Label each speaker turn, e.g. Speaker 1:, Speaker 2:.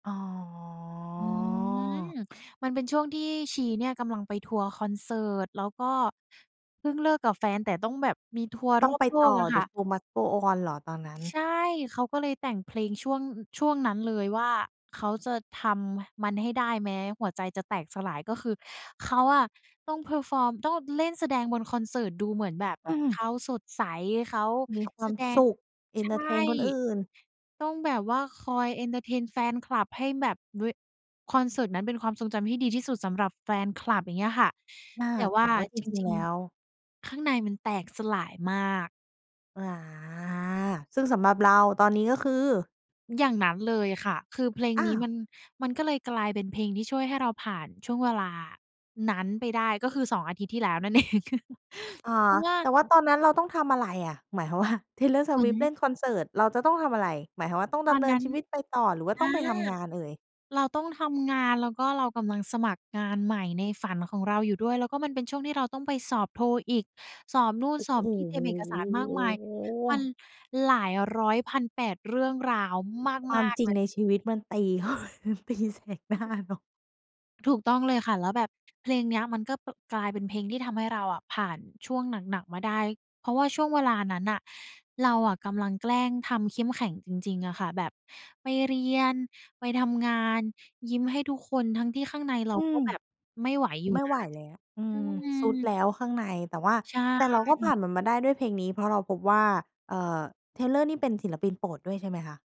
Speaker 1: อ๋อ
Speaker 2: อืม มันเป็นช่วงที่ชีเนี่ยกำลังไปทัวร์คอนเสิร์ต แล้วก็เพิ่งเลิกกับแฟนแต่ต้องแบบมีทัวร์
Speaker 1: ต
Speaker 2: ร
Speaker 1: ้อ
Speaker 2: อ
Speaker 1: ง
Speaker 2: บ
Speaker 1: ไป
Speaker 2: โล
Speaker 1: ต
Speaker 2: ก
Speaker 1: ่อ
Speaker 2: อะค่
Speaker 1: The
Speaker 2: ะ
Speaker 1: show must go on เหรอตอนนั้น?
Speaker 2: ใช่ เขาก็เลยแต่งเพลง ช่วง อ ช่วงนั้นเลยว่า เขาจะทำมันให้ได้แม้หัวใจจะแตกสลาย ก็คือเขาอะ ต้อง perform ต้องเล่นแสดงบนคอนเสิร์ตดูเหมือนแบบ
Speaker 1: อื
Speaker 2: เ
Speaker 1: ม
Speaker 2: ขาสดใส เขา
Speaker 1: มีคว
Speaker 2: แส
Speaker 1: าม
Speaker 2: ดง
Speaker 1: สุข เอ
Speaker 2: ใช
Speaker 1: น
Speaker 2: ่
Speaker 1: เทอร์เทนคนอื่น
Speaker 2: ต้องแบบว่าคอยเอนเทอร์เทนแฟนคลับให้แบบเวะ คอนเสิร์ตนั้นเป็นความทรงจำที่ดีที่สุดสำหรับแฟนคลับ อย่างเงี้ยค่ะ
Speaker 1: เออ
Speaker 2: แต่ว
Speaker 1: แต
Speaker 2: ่
Speaker 1: ่
Speaker 2: า
Speaker 1: ว่าจ
Speaker 2: จ
Speaker 1: ริง
Speaker 2: ริ
Speaker 1: ๆ แล
Speaker 2: ง
Speaker 1: ้ว
Speaker 2: ๆ ข้างในมันแตกสลายมาก
Speaker 1: อา ซึ่งสำหรับเราตอนนี้ก็คือ?
Speaker 2: อย่างนั้นเลยค่ะ คือเพลง
Speaker 1: อ้
Speaker 2: น
Speaker 1: า
Speaker 2: ี้
Speaker 1: ว
Speaker 2: มัน มันก็เลยกลายเป็นเพลงที่ช่วยให้เราผ่านช่วงเวลานั้นไปได้ ก็คือ 2 อาทิตย์ที่แล้วนั่น เอง
Speaker 1: อะ
Speaker 2: เพ
Speaker 1: ฮ
Speaker 2: รา
Speaker 1: ะ
Speaker 2: ะว่า
Speaker 1: แต่ว่าตอนนั้นเราต้องทำอะไรอะ หมายความ ว่า Taylor
Speaker 2: เหมือ
Speaker 1: Swift เล่
Speaker 2: น
Speaker 1: นคอนเสิร์ต เราจะต้องทำอะไร หมายความว่าต้อง
Speaker 2: ต
Speaker 1: ด
Speaker 2: อ
Speaker 1: ำ
Speaker 2: น
Speaker 1: เนิ
Speaker 2: น
Speaker 1: น
Speaker 2: ั้น
Speaker 1: ชีวิตไปต่อ หรือว่า
Speaker 2: อ
Speaker 1: ต้อ
Speaker 2: า
Speaker 1: งไปทำงานเอ่ย?
Speaker 2: เราต้องทำงาน แล้วก็เรากำลังสมัครงานใหม่ในฝันของเราอยู่ด้วย แล้วก็มันเป็นช่วงที่เราต้องไปสอบ TOEIC สอบนู่น
Speaker 1: โอ้
Speaker 2: สอบนี่ เตร
Speaker 1: โ
Speaker 2: ียมเอกสารมากมาย มัน
Speaker 1: ฮ!
Speaker 2: หลายร้อยพันแปดเรื่องราว
Speaker 1: คว
Speaker 2: ม
Speaker 1: า
Speaker 2: า
Speaker 1: ม
Speaker 2: ก
Speaker 1: จร
Speaker 2: ๆ
Speaker 1: ิ
Speaker 2: เล
Speaker 1: ง
Speaker 2: ย
Speaker 1: ในชีวิต มันตี มันตีแสกหน
Speaker 2: อ
Speaker 1: ้า
Speaker 2: ืม
Speaker 1: เนาะ
Speaker 2: ถูกต้องเลยค่ะ แล้วแบบ เพลงเนี้ยมันก็ ป กลายเป็นเพลงที่ทำให้เราอะผ่านช่วงหนัก ๆ มาได้ เพราะว่าช่วงเวลานั้นน่ะเราอะกำลังแกล้งทำเข้มแข็งจริง ๆ อะค่ะ แบบไปเรียน ไปทำงาน ยิ้มให้ทุกคน ทั้งที่ข้างในเรา
Speaker 1: อื
Speaker 2: ก็
Speaker 1: ม
Speaker 2: แบบไม่ไหวอยู่
Speaker 1: ไม่
Speaker 2: น
Speaker 1: ไ
Speaker 2: ะ
Speaker 1: หวแล้ว อื
Speaker 2: อื
Speaker 1: ม ท
Speaker 2: ม
Speaker 1: รุดแล้วข้างใน แต่ว่า
Speaker 2: ใช
Speaker 1: แต่เร
Speaker 2: ่
Speaker 1: าก็ผ่านมันมาได้ด้วยเพลงนี้เพราะเราพบว่า เอ่อ Taylor นี่เป็นศิลปินโปรดด้วย ใช่ไหมคะ?